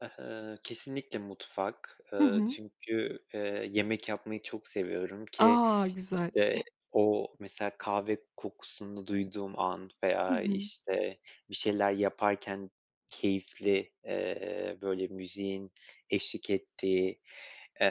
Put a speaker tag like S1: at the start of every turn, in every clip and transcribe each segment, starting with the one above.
S1: Eh, ııı, kesinlikle mutfak.
S2: Hı
S1: Iıı,
S2: hı.
S1: çünkü, eee, yemek yapmayı çok seviyorum ki
S2: A! Güzel.
S1: işte o mesela kahve kokusunu duyduğum an
S2: Hı
S1: veya,
S2: hı.
S1: işte, bir şeyler yaparken keyifli, eee, böyle müziğin eşlik ettiği,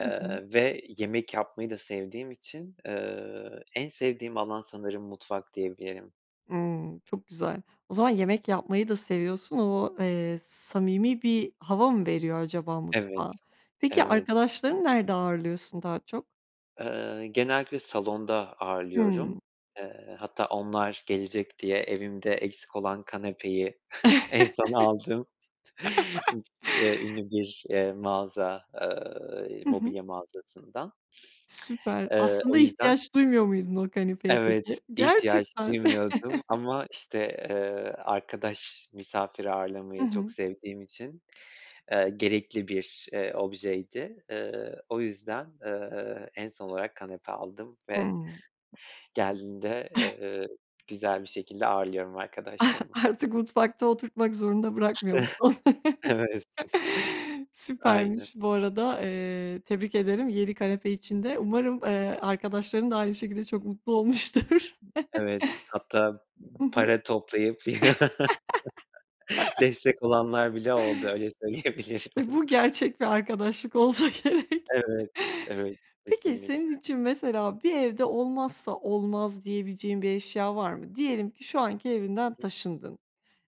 S2: Hı hı.
S1: ve yemek yapmayı da sevdiğim için, eee, en sevdiğim alan sanırım mutfak diyebilirim.
S2: Imm, çok güzel. O zaman yemek yapmayı da seviyorsun. O, eee, samimi bir hava mı veriyor acaba
S1: Evet,
S2: mutfağa? Peki
S1: evet.
S2: arkadaşlarını nerede ağırlıyorsun daha çok?
S1: Iıı, genellikle salonda
S2: Hımm.
S1: ağırlıyorum. Eee, hatta onlar gelecek diye evimde eksik olan kanepeyi en son aldığım ü eee, ünlü bir, eee, mağaza eee,
S2: Hı hı.
S1: mobilya mağazasından.
S2: Süper.
S1: Eee,
S2: Aslında
S1: o yüzden
S2: ihtiyaç duymuyor muydun o kanepeye
S1: Evet,
S2: peki?
S1: ihtiyaç
S2: Gerçekten?
S1: duymuyordum ama, işte, eee, arkadaş, misafir
S2: Hı
S1: ağırlamayı çok
S2: hı.
S1: sevdiğim için, eee, gerekli bir, eee, objeydi. Eee, o yüzden, eee, en son olarak kanepe aldım ve
S2: Hımm.
S1: geldiğinde, eee, güzel bir şekilde ağırlıyorum arkadaşlarımı.
S2: Artık mutfakta oturtmak zorunda bırakmıyor musun?
S1: Evet. Aynen.
S2: Süpermiş. Bu arada, eee, tebrik ederim yeni kanepe için de. Umarım, eee, arkadaşların da aynı şekilde çok mutlu olmuştur.
S1: Evet, hatta
S2: Hı hı.
S1: para toplayıp destek olanlar bile oldu öyle söyleyebilirim.
S2: İşte bu gerçek bir arkadaşlık olsa gerek.
S1: Evet, evet
S2: Peki
S1: kesinlikle.
S2: senin için mesela bir evde olmazsa olmaz diyebileceğin bir eşya var mı? Diyelim ki şu anki
S1: Hı
S2: evinden
S1: hı.
S2: taşındın.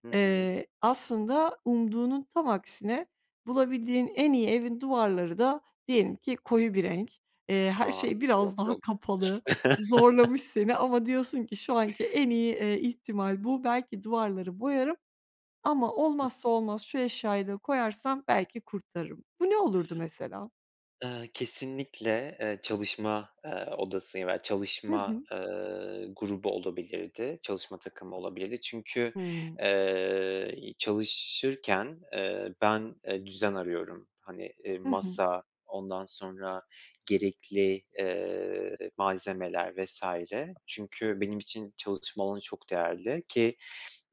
S1: Hı hı.
S2: Eee, aslında umduğunun tam aksine, bulabildiğin en iyi evin duvarları da diyelim ki koyu bir renk. Eee, her
S1: A!
S2: şey biraz
S1: Yok,
S2: daha
S1: yok.
S2: kapalı, zorlamış seni ama diyorsun ki şu anki en iyi, eee, ihtimal bu. Belki duvarları boyarım ama olmazsa olmaz şu eşyayı da koyarsam belki kurtarırım. Bu ne olurdu mesela?
S1: Eee, kesinlikle, eee, çalışma, eee, odası, ya, bel
S2: Hı
S1: çalışma,
S2: hı.
S1: ııı, grubu olabilirdi, çalışma takımı olabilirdi. Çünkü,
S2: Hımm.
S1: eee, i çalışırken, eee, ben, eee, düzen arıyorum. Hani, eee,
S2: Hı hı.
S1: masa, ondan sonra gerekli, eee, malzemeler vs. çünkü benim için çalışma alanı çok değerli ki,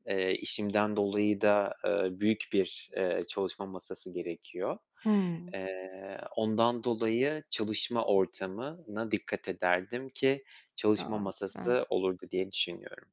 S1: eee, işimden dolayı da, ııı, büyük bir, eee, çalışma masası gerekiyor.
S2: Hımm.
S1: Eee, ondan dolayı çalışma ortamına dikkat ederdim ki çalışma
S2: A! Güzel.
S1: masası olurdu diye düşünüyorum.